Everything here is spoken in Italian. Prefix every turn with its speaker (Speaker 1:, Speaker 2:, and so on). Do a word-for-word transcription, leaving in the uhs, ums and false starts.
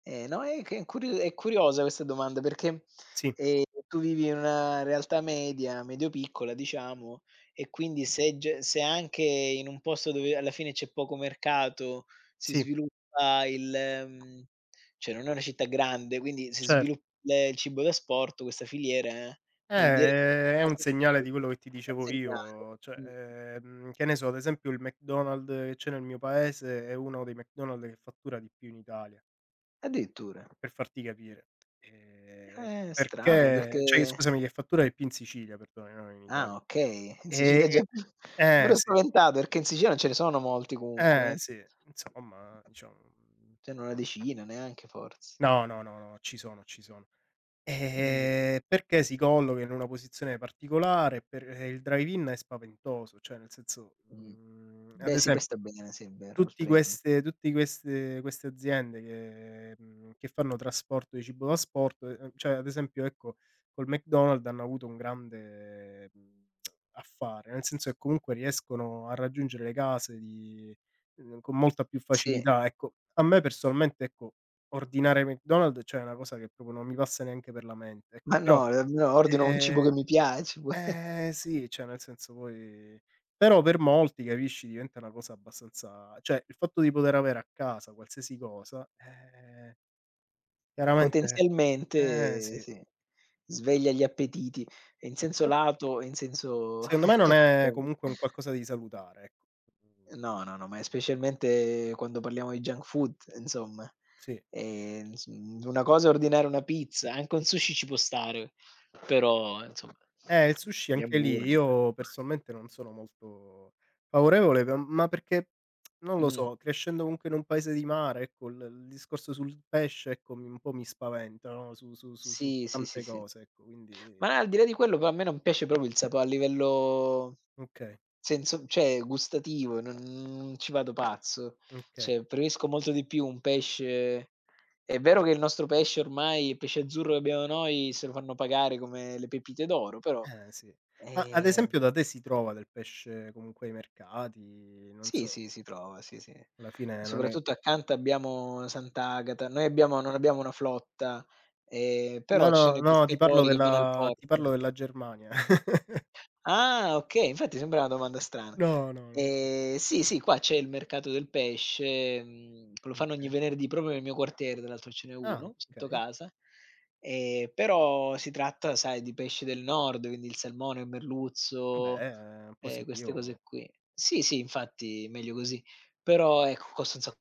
Speaker 1: Ehm, no, è che incur è curiosa questa domanda perché,
Speaker 2: Sì.
Speaker 1: ehm, tu vivi in una realtà media, medio piccola diciamo, e quindi se ge se anche in un posto dove alla fine c'è poco mercato si
Speaker 2: Sì.
Speaker 1: sviluppa il, ehm ceh non è una città grande, quindi si
Speaker 2: Cert
Speaker 1: svilupp ehm, il cibo d'asporto, questa filiera
Speaker 2: Eh,
Speaker 1: vuol dire
Speaker 2: è è un
Speaker 1: [unintelligible]
Speaker 2: segnale di quello che ti dicevo io,
Speaker 1: consegna
Speaker 2: uhm, cioè,
Speaker 1: mh.
Speaker 2: ehm, che ne so ad esempio il McDonald che c'è nel mio paese è uno dei McDonald che fattura di più in Italia
Speaker 1: Addirittura.
Speaker 2: per farti capire. Ehm,
Speaker 1: Eh, strano
Speaker 2: perché ceh, i
Speaker 1: perché
Speaker 2: scusami, che fattura di più in Sicilia, perdonami, non in Italia.
Speaker 1: Ah okay, in Sicilia è già un
Speaker 2: E
Speaker 1: po' più mi
Speaker 2: eh
Speaker 1: ero
Speaker 2: sì.
Speaker 1: spaventato, perché in Sicilia non ce ne sono molti comunque,
Speaker 2: Eh
Speaker 1: eh.
Speaker 2: sì, insomma diciamo, mhmm,
Speaker 1: C'hanno
Speaker 2: s
Speaker 1: una decina, neanche fors
Speaker 2: No, no, no, ci sono, ci sono.
Speaker 1: Mh.
Speaker 2: Ehm, perché si colloca in una posizione particolare, e per ehm, il drive-in è spaventoso, cioè nel senso,
Speaker 1: Mh.
Speaker 2: mhmm, ad
Speaker 1: Beh sì, poi sta
Speaker 2: esempio,
Speaker 1: bene ah sì, è vero,
Speaker 2: tutti
Speaker 1: [unintelligible]
Speaker 2: queste tutti queste queste aziende che, mhmm, fanno trasporto di cibo da asporto, ehm ceh ad esempio ecco col McDonald hanno avuto un grande, ehm, affare, nel senso che comunque riescono a raggiungere le case di ehm, con molta più
Speaker 1: Sì.
Speaker 2: facilità. Ecco, a me personalmente, ecco, ordinare McDonald ceh è una cosa che propo non mi passa neanche per la mente,
Speaker 1: Ma
Speaker 2: ecco.
Speaker 1: no,
Speaker 2: Però,
Speaker 1: [unintelligible] ordino un cibo che
Speaker 2: ehm
Speaker 1: mi piace.
Speaker 2: ehm, sì, ceh nel senso poi però per molti capisci, diventa una cosa abbastanza cioè il fatto di poter avere a casa qualsiasi cosa, ehm chiaramente eh,
Speaker 1: Potenzialmente,
Speaker 2: sì.
Speaker 1: sì, sveglia gli appetiti, ehm, in senso
Speaker 2: Però
Speaker 1: lato e in senso
Speaker 2: seondo me non è
Speaker 1: [unintelligible]
Speaker 2: comunque un qualcosa di salutare, ecco, mhmm
Speaker 1: No, no, no, ma è specialmente quando parliamo di junk food insomma,
Speaker 2: Sì.
Speaker 1: ehm, ins un una cosa è ordinare una pizza, anche un sushi ci può stare, però insomma
Speaker 2: Eh, il sushi
Speaker 1: gli
Speaker 2: anche lì,
Speaker 1: hamburger.
Speaker 2: io personalmente non sono molto favorevole, pe m ma perché, non lo
Speaker 1: Mh.
Speaker 2: so, crescendo comunque in un paese di mare, ecco il il discorso sul pesce, ecco, mi un po' mi spaventa, no, su su su su
Speaker 1: Sì, sì, sì,
Speaker 2: tante
Speaker 1: sì.
Speaker 2: cose ecco, quindi
Speaker 1: Ma al di là di quello però a me non piace propio il sapo a livello
Speaker 2: Okay.
Speaker 1: senso ceh gustativo, non ci vado pazzo.
Speaker 2: mkay.
Speaker 1: ceh, preferisco molto di più un pesce è vero che il nostro pesce ormai pesce azzurro che abbiamo noi se lo fanno pagare come le pepite d'oro, però,
Speaker 2: Eh, sì. Ma ad
Speaker 1: ehm
Speaker 2: esempio da te si trova del pesce comunque ai mercati, non
Speaker 1: Sì,
Speaker 2: so
Speaker 1: sì, si trova, sì, sì.
Speaker 2: Alla fine non è
Speaker 1: Soprattutto accanto abbiamo Sant'Agata, noi abbiamo non abbiamo una flotta, ehm,
Speaker 2: No,
Speaker 1: però ci
Speaker 2: no,
Speaker 1: sono i
Speaker 2: no ti parlo
Speaker 1: pescatori che vanno al
Speaker 2: della ti
Speaker 1: porto.
Speaker 2: parlo della Germania.
Speaker 1: Ah, okay, infatti sembra una domanda strana.
Speaker 2: No, no non ho più.
Speaker 1: Ehm, sì, sì, qua c'è il mercato del pesce, mhmm, lo fanno ogni
Speaker 2: Okay.
Speaker 1: venerdì, propio nel mio quartiere, tra l'altro ce n'è
Speaker 2: Ah,
Speaker 1: uno sotto
Speaker 2: okay.
Speaker 1: casa, ehm, però si tratta sai di pesci del nord, quindi il salmone, il merluzzo,
Speaker 2: Vabbè è
Speaker 1: ehm, queste
Speaker 2: positivo.
Speaker 1: cose qui sì, sì infatti meglio così, però ecco, costa un sa